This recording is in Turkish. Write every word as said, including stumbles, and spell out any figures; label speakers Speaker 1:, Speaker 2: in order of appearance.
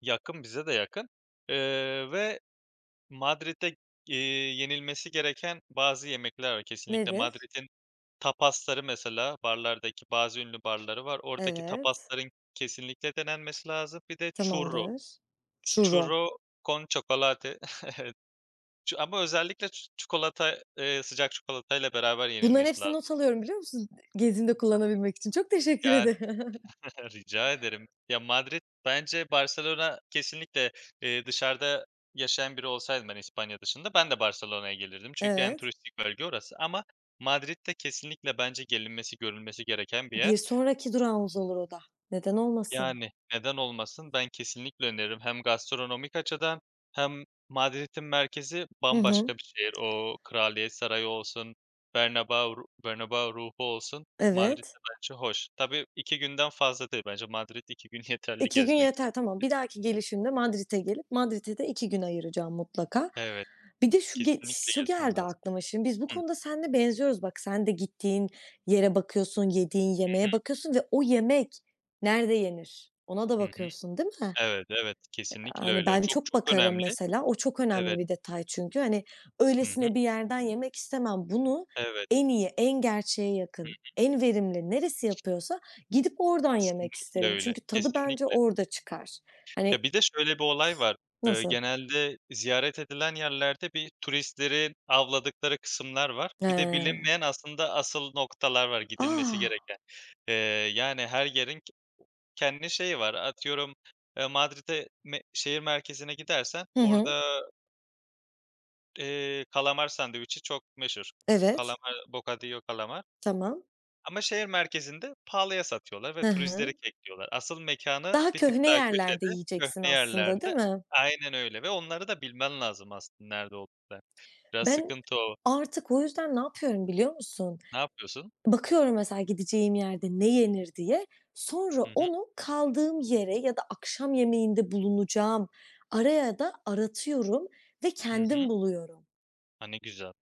Speaker 1: Yakın, bize de yakın. Eee, ve Madrid'de, iii, yenilmesi gereken bazı yemekler var kesinlikle.
Speaker 2: Nedir?
Speaker 1: Madrid'in tapasları mesela; barlardaki bazı ünlü barları var. Oradaki
Speaker 2: Evet.
Speaker 1: tapasların kesinlikle denenmesi lazım. Bir de Churro.
Speaker 2: Tamamdır. Churro.
Speaker 1: Churro con chocolate. Evet. Ç ama özellikle çikolata, eee, sıcak çikolatayla beraber
Speaker 2: Bunların
Speaker 1: yenilmesi
Speaker 2: hepsini
Speaker 1: lazım.
Speaker 2: not alıyorum, biliyor musun? I gezimde kullanabilmek için. Çok teşekkür
Speaker 1: Ya
Speaker 2: ederim.
Speaker 1: Rica ederim. Ya, Madrid bence, Barcelona kesinlikle, eee, dışarıda yaşayan biri olsaydım; ben İspanya dışında, ben de Barcelona'ya gelirdim. Çünkü en
Speaker 2: Evet.
Speaker 1: turistik bölge orası. Ama Madrid de kesinlikle bence gelinmesi, görülmesi gereken bir yer.
Speaker 2: Bir sonraki durağımız olur, o da. Neden olmasın?
Speaker 1: Yani neden olmasın? Ben kesinlikle öneririm. Hem gastronomik açıdan hem Madrid'in merkezi
Speaker 2: Hı hı.
Speaker 1: bambaşka bir şehir. O Kraliyet Sarayı olsun, Bernabéu ru Bernabéu ruhu olsun; Madrid
Speaker 2: Evet.
Speaker 1: de bence hoş. Tabii iki günden fazla değil bence. Madrid iki gün yeterli
Speaker 2: iki gün
Speaker 1: gezmek
Speaker 2: yeter,
Speaker 1: için.
Speaker 2: tamam. Bir dahaki gelişimde Madrid'e gelip Madrid'e de iki gün ayıracağım mutlaka.
Speaker 1: Evet.
Speaker 2: Bir de şu ge
Speaker 1: Kesinlikle,
Speaker 2: şu
Speaker 1: gezmen
Speaker 2: geldi
Speaker 1: lazım.
Speaker 2: aklıma şimdi. Biz bu
Speaker 1: Hıı.
Speaker 2: konuda seninle benziyoruz. Bak, sen de gittiğin yere bakıyorsun, yediğin
Speaker 1: Hı
Speaker 2: yemeğe
Speaker 1: hı.
Speaker 2: bakıyorsun ve o yemek nerede yenir, ona da
Speaker 1: Hı hı.
Speaker 2: bakıyorsun, değil mi?
Speaker 1: Evet, evet, kesinlikle
Speaker 2: Yani,
Speaker 1: öyle.
Speaker 2: ben
Speaker 1: Çok,
Speaker 2: çok
Speaker 1: çok
Speaker 2: bakarım
Speaker 1: önemli.
Speaker 2: mesela. O çok önemli
Speaker 1: Evet.
Speaker 2: bir detay çünkü. Hani,
Speaker 1: Hı hı.
Speaker 2: öylesine bir yerden yemek istemem. Bunu
Speaker 1: Evet.
Speaker 2: en iyi, en gerçeğe
Speaker 1: Hı
Speaker 2: yakın,
Speaker 1: hı.
Speaker 2: en verimli neresi yapıyorsa gidip oradan yemek
Speaker 1: Kesinlikle
Speaker 2: isterim.
Speaker 1: öyle!
Speaker 2: Çünkü tadı bence
Speaker 1: Kesinlikle!
Speaker 2: orada çıkar. Hani
Speaker 1: Ya, bir de şöyle bir olay var; eee
Speaker 2: Nasıl?
Speaker 1: genelde ziyaret edilen yerlerde bir turistleri avladıkları kısımlar var. Bir de
Speaker 2: He.
Speaker 1: bilinmeyen aslında asıl noktalar var, gidilmesi
Speaker 2: A!
Speaker 1: gereken. Eee, yani her yerin ke [unintelligible] kendi şeyi var. Atıyorum, Madrid'e me şehir merkezine gidersen
Speaker 2: Hı hı.
Speaker 1: orada eee, kalamar sandviçi çok meşhur.
Speaker 2: Evet.
Speaker 1: Kalamar bocadillo kalamar.
Speaker 2: Tamam.
Speaker 1: Ama şehir merkezinde pahalıya satıyorlar ve
Speaker 2: Hı
Speaker 1: turizleri
Speaker 2: hı.
Speaker 1: kekliyorlar. Asıl mekânı
Speaker 2: Daha
Speaker 1: bir tık
Speaker 2: köhne
Speaker 1: daha
Speaker 2: yerlerde
Speaker 1: köşede,
Speaker 2: yiyeceksin
Speaker 1: köhne
Speaker 2: aslında, değil
Speaker 1: yerlerde.
Speaker 2: mi?
Speaker 1: Aynen öyle. Ve onları da bilmen lazım aslında nerede olduklarını. Biraz
Speaker 2: Ben
Speaker 1: sıkıntı o.
Speaker 2: artık o yüzden ne yapıyorum, biliyor musun?
Speaker 1: Ne yapıyorsun?
Speaker 2: Bakıyorum mesela, gideceğim yerde ne yenir, diye. Sonra
Speaker 1: Hı hı.
Speaker 2: onu, kaldığım yere ya da akşam yemeğinde bulunacağım araya da aratıyorum ve
Speaker 1: Hı
Speaker 2: kendim
Speaker 1: hı.
Speaker 2: buluyorum.
Speaker 1: A, ne güzel!